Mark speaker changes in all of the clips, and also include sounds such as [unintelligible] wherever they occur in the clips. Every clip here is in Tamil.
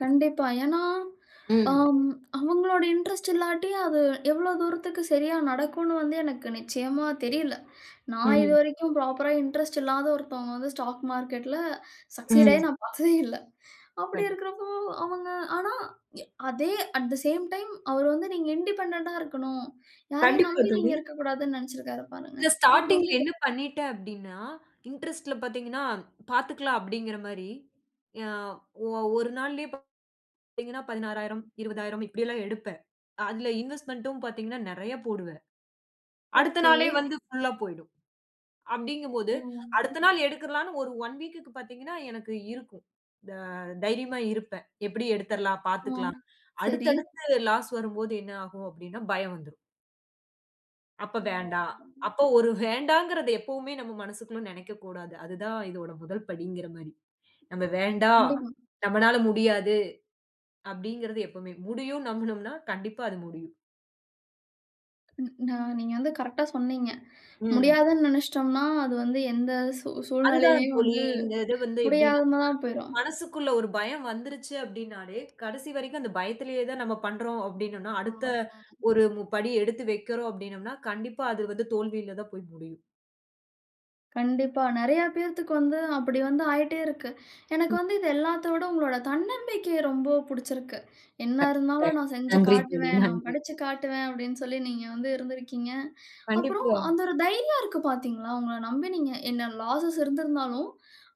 Speaker 1: கண்டிப்பா. ஏன்னா,
Speaker 2: ம்.
Speaker 1: அம் அவங்களோட இன்ட்ரெஸ்ட் இல்லாட்டி, அது எவ்வளோ தூரத்துக்கு சரியா நடக்கும்ன்னு வந்து எனக்கு நிச்சயமா தெரியல! நான்
Speaker 2: ம்.
Speaker 1: இதுவரைக்கும் ப்ராப்பரா இன்ட்ரெஸ்ட் இல்லாத ஒருத்தவங்க வந்து, ஸ்டாக் மார்க்கெட்ல சக்சீட்
Speaker 2: ம்.
Speaker 1: ஆயி நான் பார்த்ததே இல்ல. அப்படி
Speaker 2: கண்
Speaker 1: இருக்கிறப்போ, அவங்க ஆனா, ய அதே அட் தே சேம் டைம், அவரு வந்து, நீங்க இண்டிபெண்டென்டா இருக்கணும். யாரையும்
Speaker 2: கண்டிப்பா,
Speaker 1: நம்பி
Speaker 2: தோழி.
Speaker 1: நீங்க இருக்கக்கூடாதுன்னு நெனைச்சிருக்காரு, பாருங்க.
Speaker 2: இந்த
Speaker 1: அது
Speaker 2: ஸ்டார்ட்டிங்ல
Speaker 1: ரொம்ப பெ
Speaker 2: என்ன பண்ணிட்டேன்? அப்படின்னா, இன்ட்ரெஸ்ட்ல பாத்தீங்கன்னா பாத்துக்கலாம் அப்பிடீங்கிற மாரி, எ ஒ-1 நாளிலயே பார்த்தீங்கன்னா, 16,000, 20,000 இப்படி எல்லாம் எடுப்பேன். அதில இன்வெஸ்ட்மென்டும் பாத்தீங்கன்னா, நெறைய போடுவேன். அடுத்த நாளே
Speaker 1: ஓகே.
Speaker 2: வந்து புல்லா போய்டும். அப்பிடீங்கும்போது,
Speaker 1: ஓ!
Speaker 2: அடுத்த நாள் எடுத்துறலாம்ன்னு ஒரு 1 வீக்க்கு பாத்தீங்கன்னா, எனக்கு இருக்கும். த தைரியமா இருப்பேன். எப்பிடியும் எடுத்துறலாம்,
Speaker 1: ஆ,
Speaker 2: பாத்துக்கலாம் அடுத்து,
Speaker 1: சரி.
Speaker 2: அடுத்து லாஸ் வரும்போது, என்ன ஆகும்? அப்பிடீன்னா! பயம் வந்துரும். "அப்ப வேண்டாம்"
Speaker 1: ம்.
Speaker 2: அப்போ 1 வேண்டாங்கிறத எப்பவுமே நம்ம மனசுக்குள்ள நெனைக்க கூடாது. அது தான் இதோட முதல் படிங்கிற மாரி. "நம்ம வேண்டாம்,
Speaker 1: கண்டிப்பா.
Speaker 2: நம்மனால முடியாது" அப்பிடீங்கிறது எப்போமே "முடியும்ன்னு" நம்பினோம்னா, கண்டிப்பா அது முடியும்.
Speaker 1: ந் ந நீங்க வந்து கரெக்டா சொன்னீங்க.
Speaker 2: ம்.
Speaker 1: முடியாதுன்னு நெனச்சுட்டோம்னா, அது வந்து எந்த சூ
Speaker 2: அதுதான்
Speaker 1: சூழ்நிலைலயும்
Speaker 2: தோழி.
Speaker 1: வந்து,
Speaker 2: இந்த இது வந்து எப்பிடீன்னா,
Speaker 1: முடியாம தான்
Speaker 2: [unintelligible]
Speaker 1: போய்ரும்.
Speaker 2: மனசுக்குள்ள 1 பயம் வந்துருச்சு அப்பிடின்னாலே, கடைசி வரைக்கும் அந்த பயத்திலேயே தான் நம்ம பண்றோம் அப்பிடின்னோன்னா, அடுத்த
Speaker 1: ஆமாங்க.
Speaker 2: 1 மு படி எடுத்து வெக்கிறோம் அப்பிடீன்னோம்னா, கண்டிப்பா அது வந்து தோல்வியில தான் போய் முடியும்.
Speaker 1: கண்டிப்பா. நெறைய பேத்துக்கு வந்து அப்படி வந்து ஆயிட்டே இருக்கு. எனக்கு
Speaker 2: ம்.
Speaker 1: வந்து இது எல்லாத்த விட, உங்களோட தன்னம்பிக்கைய ரொம்ப புடுச்சிருக்கு. "என்ன இருந்தாலும்
Speaker 2: [unintelligible]
Speaker 1: நான் செஞ்சு
Speaker 2: நன்றி தோழி,
Speaker 1: காட்டுவேன். நான்
Speaker 2: நன்றி.
Speaker 1: படிச்சு காட்டுவேன்" அப்பிடீன்னு சொல்லி நீங்க வந்து இருந்திருக்கீங்க. அப்புறம்
Speaker 2: கண்டிப்பா.
Speaker 1: அந்த 1 தைரியம் இருக்கு. பார்த்தீர்களா? உங்கள நம்பி நீங்க என்ன, லாஸஸ் இருந்திருந்தாலும்,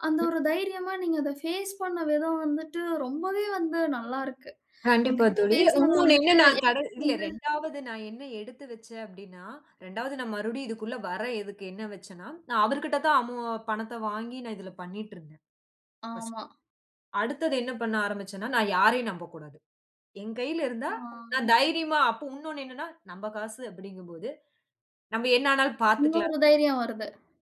Speaker 1: அந்த
Speaker 2: ம்.
Speaker 1: ஒரு தைரியமா, நீங்க அதை பேஸ் பண்ண விதம் வந்துட்டு ரொம்பவே வந்து நல்லாருக்கு.
Speaker 2: கண்டிப்பா
Speaker 1: உங்ககிட்ட
Speaker 2: தோழி,
Speaker 1: பேசினது
Speaker 2: உன்னொன்னு
Speaker 1: வந்துட்டு,
Speaker 2: என்னன்னா, கடன்
Speaker 1: எனக்கு
Speaker 2: இல்ல,
Speaker 1: வந்து
Speaker 2: 2வது நான் என்ன எடுத்து வச்சேன், அப்பிடீன்னா, 2வது நான் மறுபடியும் இதற்குள்ள வர எதுக்கு எண்ணம் வைச்சேன்னா, நான் அவருகிட்ட தான் அமௌ பணத்த வாங்கி, நான் இதில பண்ணிட்டுருந்தேன்.
Speaker 1: ஆமா.
Speaker 2: பர்ஸ்ட்டு. அடுத்தது என்ன பண்ண ஆரம்பிச்சேன்னா, நான் யாரையும் நம்பக்கூடாது. என் கையில இருந்தா, நான்
Speaker 1: ஆ.
Speaker 2: தைரியமா அப்போ, உன்னொன்னு என்னன்னா, நம்ப காசு அப்பிடீங்கம்போது, நம்ம என்ன ஆனாலும் பார்த்துக்கலாம்.
Speaker 1: இன்னோரு தைரியம் வருது.